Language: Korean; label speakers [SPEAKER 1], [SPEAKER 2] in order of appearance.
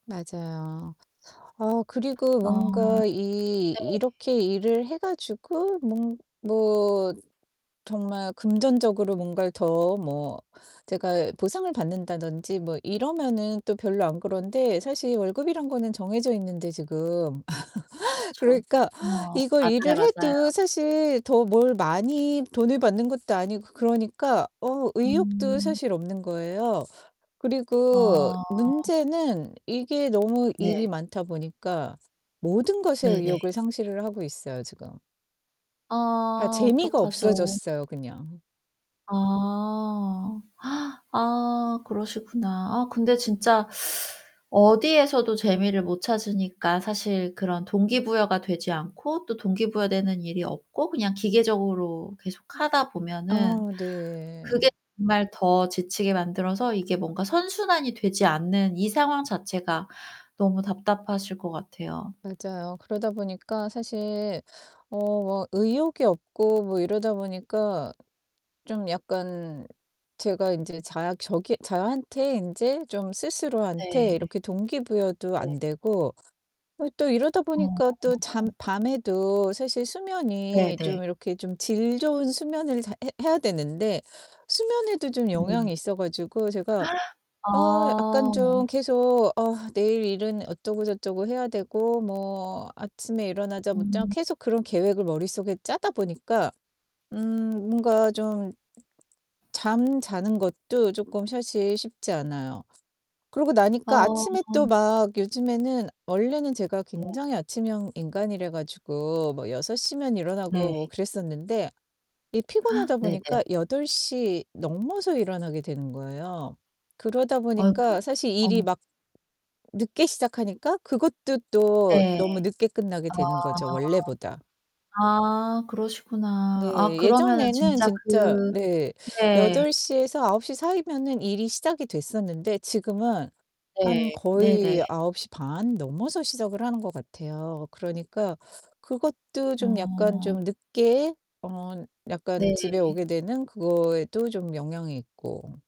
[SPEAKER 1] 맞아요. 아 그리고
[SPEAKER 2] 아
[SPEAKER 1] 뭔가 이
[SPEAKER 2] 네.
[SPEAKER 1] 이렇게 일을 해가지고 뭔 뭐 정말 금전적으로 뭔가를 더 뭐 제가 보상을 받는다든지 뭐 이러면은 또 별로 안 그런데 사실 월급이란 거는 정해져 있는데 지금
[SPEAKER 2] 그쵸.
[SPEAKER 1] 그러니까
[SPEAKER 2] 어
[SPEAKER 1] 이걸 일을
[SPEAKER 2] 맞아요 맞아요.
[SPEAKER 1] 해도 사실 더 뭘 많이 돈을 받는 것도 아니고 그러니까 어 의욕도
[SPEAKER 2] 음.
[SPEAKER 1] 사실 없는 거예요. 그리고
[SPEAKER 2] 아.
[SPEAKER 1] 문제는 이게 너무
[SPEAKER 2] 네.
[SPEAKER 1] 일이 많다 보니까 모든 것의
[SPEAKER 2] 네네.
[SPEAKER 1] 의욕을 상실을 하고 있어요, 지금. 다
[SPEAKER 2] 아
[SPEAKER 1] 재미가
[SPEAKER 2] 어떡하죠.
[SPEAKER 1] 없어졌어요, 그냥.
[SPEAKER 2] 아. 아 그러시구나. 아 근데 진짜 어디에서도 재미를 못 찾으니까 사실 그런 동기부여가 되지 않고 또 동기 부여되는 일이 없고 그냥 기계적으로 계속하다
[SPEAKER 1] 아
[SPEAKER 2] 보면은
[SPEAKER 1] 네.
[SPEAKER 2] 그게 정말 더 지치게 만들어서 이게 뭔가 선순환이 되지 않는 이 상황 자체가 너무 답답하실 것 같아요.
[SPEAKER 1] 맞아요. 그러다 보니까 사실 어 막 의욕이 없고 뭐 이러다 보니까 좀 약간 제가 인제 자 저기 저한테 이제 좀
[SPEAKER 2] 네
[SPEAKER 1] 스스로한테
[SPEAKER 2] 네.
[SPEAKER 1] 이렇게 동기부여도
[SPEAKER 2] 네.
[SPEAKER 1] 안되고, 어 또 이러다 보니까
[SPEAKER 2] 어.
[SPEAKER 1] 또 잠 밤에도 사실
[SPEAKER 2] 네
[SPEAKER 1] 수면이
[SPEAKER 2] 네.
[SPEAKER 1] 좀 이렇게 좀 질 좋은 수면을 잘해 해야 되는데 수면에도 좀
[SPEAKER 2] 네.
[SPEAKER 1] 영향이 있어 가지고 제가, 어
[SPEAKER 2] 아.
[SPEAKER 1] 약간 좀 계속 어 내일 일은 어쩌고 저쩌고 해야 되고 뭐 아침에 일어나자마자
[SPEAKER 2] 음.
[SPEAKER 1] 계속 그런 계획을 머릿속에 짜다 보니까 음 뭔가 좀 잠자는 것도 쪼끔 사실 쉽지 않아요. 그러고 나니까
[SPEAKER 2] 어.
[SPEAKER 1] 아침에 또 막 요즘에는 원래는 제가
[SPEAKER 2] 네.
[SPEAKER 1] 굉장히 아침형 인간이래 가지고 뭐 6:00면 일어나고
[SPEAKER 2] 네.
[SPEAKER 1] 뭐 그랬었는데 이 피곤하다
[SPEAKER 2] 네
[SPEAKER 1] 보니까
[SPEAKER 2] 네.
[SPEAKER 1] 8:00 넘어서 일어나게 되는 거예요. 그러다
[SPEAKER 2] 아이고
[SPEAKER 1] 보니까 사실 일이
[SPEAKER 2] 어
[SPEAKER 1] 막 늦게 시작하니까 그것도 또 너무
[SPEAKER 2] 네.
[SPEAKER 1] 늦게 끝나게
[SPEAKER 2] 아.
[SPEAKER 1] 되는 거죠 원래보다.
[SPEAKER 2] 아 그러시구나. 아
[SPEAKER 1] 네,
[SPEAKER 2] 그러면은
[SPEAKER 1] 예전에는
[SPEAKER 2] 진짜
[SPEAKER 1] 진짜
[SPEAKER 2] 그
[SPEAKER 1] 네.
[SPEAKER 2] 네.
[SPEAKER 1] 8:00에서 9:00 사이면은 일이 시작이 됐었는데 지금은 한
[SPEAKER 2] 네. 네네.
[SPEAKER 1] 거의 9:30 넘어서 시작을 하는 거 같아요. 그러니까 그것도 좀 약간
[SPEAKER 2] 어.
[SPEAKER 1] 좀 늦게 어 약간 집에
[SPEAKER 2] 네.
[SPEAKER 1] 오게 되는 그거에도 좀 영향이 있고.